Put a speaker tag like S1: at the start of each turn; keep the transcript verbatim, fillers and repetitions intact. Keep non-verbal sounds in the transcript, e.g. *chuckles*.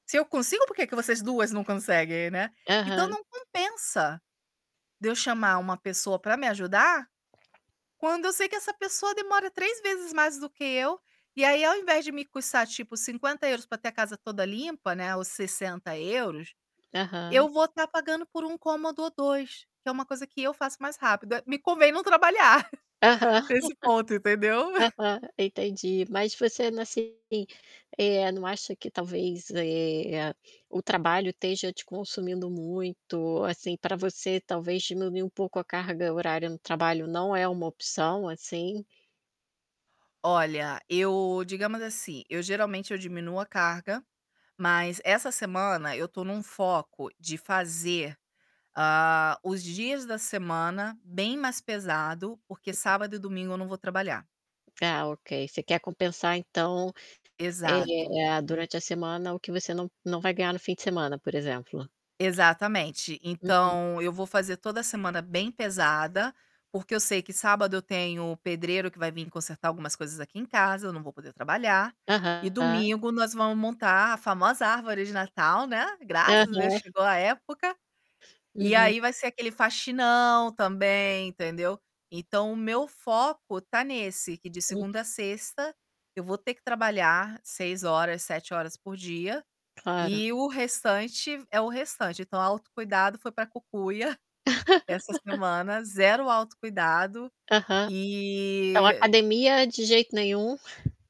S1: Se eu consigo porque que vocês duas não conseguem, né. Então,
S2: Aham.
S1: não compensa, de eu chamar uma pessoa para me ajudar, quando eu sei que essa pessoa demora três vezes mais do que eu, e aí ao invés de me custar tipo cinquenta euros ter a casa toda limpa, né, ou sessenta euros,
S2: Aham.
S1: eu vou tá pagando por um cômodo ou dois, que é uma coisa que eu faço mais rápido, me convém não trabalhar,
S2: Aham,
S1: *chuckles* nesse ponto,
S2: *chuckles*
S1: entendeu? *chuckles*
S2: aham, entendi, mas você, assim, não acha que talvez, eh, o trabalho esteja te consumindo muito, assim, pra você talvez diminuir um pouco a carga horária no trabalho, não é uma opção, assim?
S1: Olha, eu, digamos assim, eu geralmente eu diminuo a carga, mas essa semana eu tô num foco de fazer, hã, os dias da semana bem mais pesado, porque
S2: Uhum.
S1: sábado e domingo eu não vou trabalhar.
S2: Ah ok, você quer compensar, então,
S1: Exato.
S2: eh, durante a semana o que você não não vai ganhar no fim de semana, por exemplo?
S1: Exatamente,
S2: Uhum.
S1: então, eu vou fazer toda a semana bem pesada, porque eu sei que sábado eu tenho o pedreiro que vai vim consertar algumas coisas aqui em casa, eu não vou poder trabalhar. E
S2: Aham.
S1: domingo nós vamos montar a famosa árvore de Natal, né, graças a Deus
S2: Aham.
S1: chegou a época, e
S2: Uhum.
S1: aí vai ser aquele faxinão também, entendeu. Então, o meu foco tá nesse que de
S2: Hum.
S1: segunda a sexta, eu vou ter que trabalhar seis horas, sete horas por dia,
S2: Claro.
S1: e o restante é o restante então autocuidado foi para cucuia, *chuckles* essa
S2: *laughs*
S1: semana, zero autocuidado,
S2: Aham. Então,
S1: e
S2: academia de jeito nenhum? *chuckles*